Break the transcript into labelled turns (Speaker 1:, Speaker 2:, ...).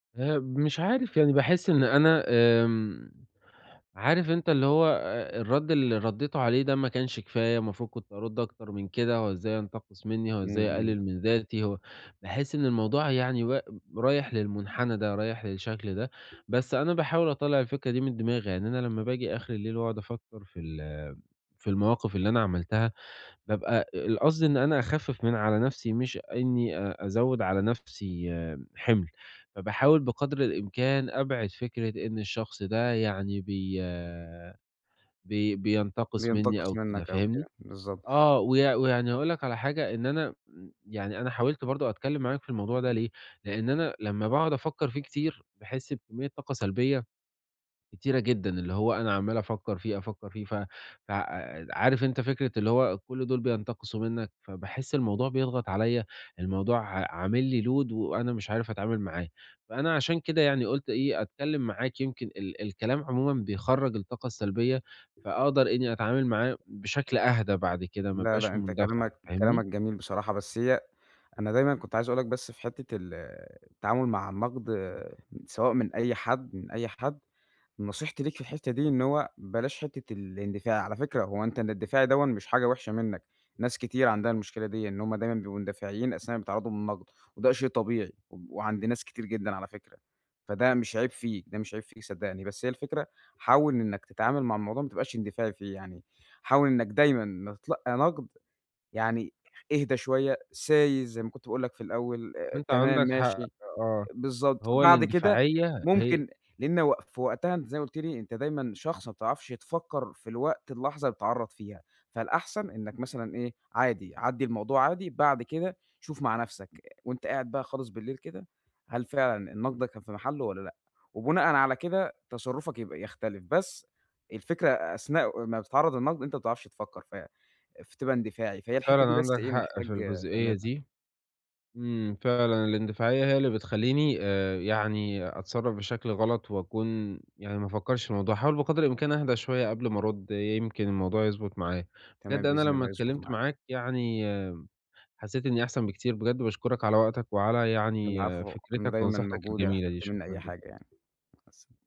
Speaker 1: آآ، مش عارف يعني باحس إن أنا آمم، عارف أنت اللي هو أ الرد اللي رديته عليه ده ما كانش كفاية، المفروض كنت أرد أكتر من كده هو إزاي ينتقص منّي؟ هو
Speaker 2: إمم،
Speaker 1: إزاي
Speaker 2: إمم.
Speaker 1: يقلل من ذاتي؟ هو باحس إن الموضوع يعني و رايح للمنحنى ده، رايح للشكل ده، بس أنا باحاول أطلَّع الفكرة دي من دماغي، يعني أنا لمّا باجي آخر الليل وأقعد أفكر في ال في المواقف اللي أنا عملتها بابقى القصد اللي إن أنا أخفف من على نفسي مش إنّي أ أزوّد على نفسي حِمل، فباحاول بقدر الإمكان أبعِد فكرة إن الشخص ده يعني بي بي بينتقص منّي
Speaker 2: بينتقص
Speaker 1: أو كده،
Speaker 2: منِّك أو كده،
Speaker 1: فاهمني؟
Speaker 2: بالضبط.
Speaker 1: آه، ويع ويعني أقول لَك على حاجة إن أنا امم، يعني أنا حاولت برضه أتكلم معاك في الموضوع ده ليه، لأن أنا لما باقعد أفكَّر فيه كتير باحس بكمية طاقة سلبية كتيرة جدًا، اللي هو أنا عَمّال أفكَّر فيه، أفكر فيه، ف ف عارف أنت فكرة اللي هو كل دول بينتقصوا منَّك، فباحس الموضوع بيضغط عليّا، الموضوع ع عامل لي load وأنا مش عارف أتعامل معاه، فأنا عشان كده يعني قُلت إيه، أتكلم معاك، يمكن ال الكلام عمومًا بيخرَّج الطاقة السلبية فاقدر إنّي أتعامل معاه بشكل أهدى بعد كده، ما
Speaker 2: لأ،
Speaker 1: أبقاش
Speaker 2: لأ أنت
Speaker 1: مندفع،
Speaker 2: كلامَك
Speaker 1: فاهمني؟
Speaker 2: كلامَك جميل بصراحة بس هي أنا دايمًا كنت عايز أقول لَك بس في حتّة ال التعامل مع النقد، سواء من أي حد من أي حد، نصيحتي ليك في الحتّة دي إن هو بلاش حتّة الاندفاع، على فكرة هو أنت الإندفاعي دوًا مش حاجة وحشة منَّك، ناس كتير عندها المشكلة ديًا، إن هُم دايمًا بيبقوا مندفعين أثناء ما بيتعرضوا للنقد وده شيء طبيعي، و وعند ناس كتير جدًا على فكرة، فده مش عيب فيك، ده مش عيب فيك صدقني. بس هي الفكرة حاول إنَّك تتعامل مع الموضوع ما تبقاش اندفاعي فيه يعني، حاول إنَّك دايمًا لما تتلقى نقد يعني اهدى شوية، سايس زي ما كنت باقول لَك في الأول، آآ،
Speaker 1: أنت
Speaker 2: تمام،
Speaker 1: عندّك حق
Speaker 2: ماشي،
Speaker 1: آه،
Speaker 2: بالضبط.
Speaker 1: هو
Speaker 2: بعد كده
Speaker 1: الاندفاعية هي
Speaker 2: ممكن لأن و في وقتها أنت زي ما قُلت لي، أنت دايمًا شخص ما بتعرفش تفكَّر في الوقت اللحظة اللي بتتعرَّض فيها، فالأحسن إنَّك مثلًا إيه، عادي عدّي الموضوع عادي، بعد كده شوف مع نفسك، وأنت قاعد بقى خالص بالليل كده، هل فعلًا النقد ده كان في محلّه والّا لأ، وبناءً على كده تصرفك يبقى يختلف بس الفكرة أثناء ما بتتعرض للنقد، أنت ما بتعرفش تفكَّر، ف فتبقى اندفاعي، فهي
Speaker 1: أنت
Speaker 2: الحتّة
Speaker 1: فعلًا
Speaker 2: دي بس
Speaker 1: عندَك
Speaker 2: إيه
Speaker 1: حق في
Speaker 2: محتاج
Speaker 1: الجزئية
Speaker 2: تعملها.
Speaker 1: دي، إمم، فعلًا الاندفاعية هي اللي بتخليني آآ يعني أتصرف بشكل غلط وأكون يعني ما أفكرش في الموضوع، هاحاول بقدر الإمكان أهدى شوية قبل ما أرد، يمكن الموضوع يضبط معايا. بجد
Speaker 2: تمام،
Speaker 1: أنا
Speaker 2: بإذن
Speaker 1: لمّا
Speaker 2: الله يضبط
Speaker 1: اتكلمت
Speaker 2: معاك.
Speaker 1: معاك يعني حسّيت إني أحسن بكتير بجد وباشكرك على وقتك وعلى يعني
Speaker 2: العفو، أنا
Speaker 1: فكرتك
Speaker 2: دايمًا
Speaker 1: ونصيحتَك
Speaker 2: موجود لو
Speaker 1: الجميلة دي،
Speaker 2: احتجت منّي
Speaker 1: شكرًا
Speaker 2: أي
Speaker 1: جدًا.
Speaker 2: حاجة يعني. مع السل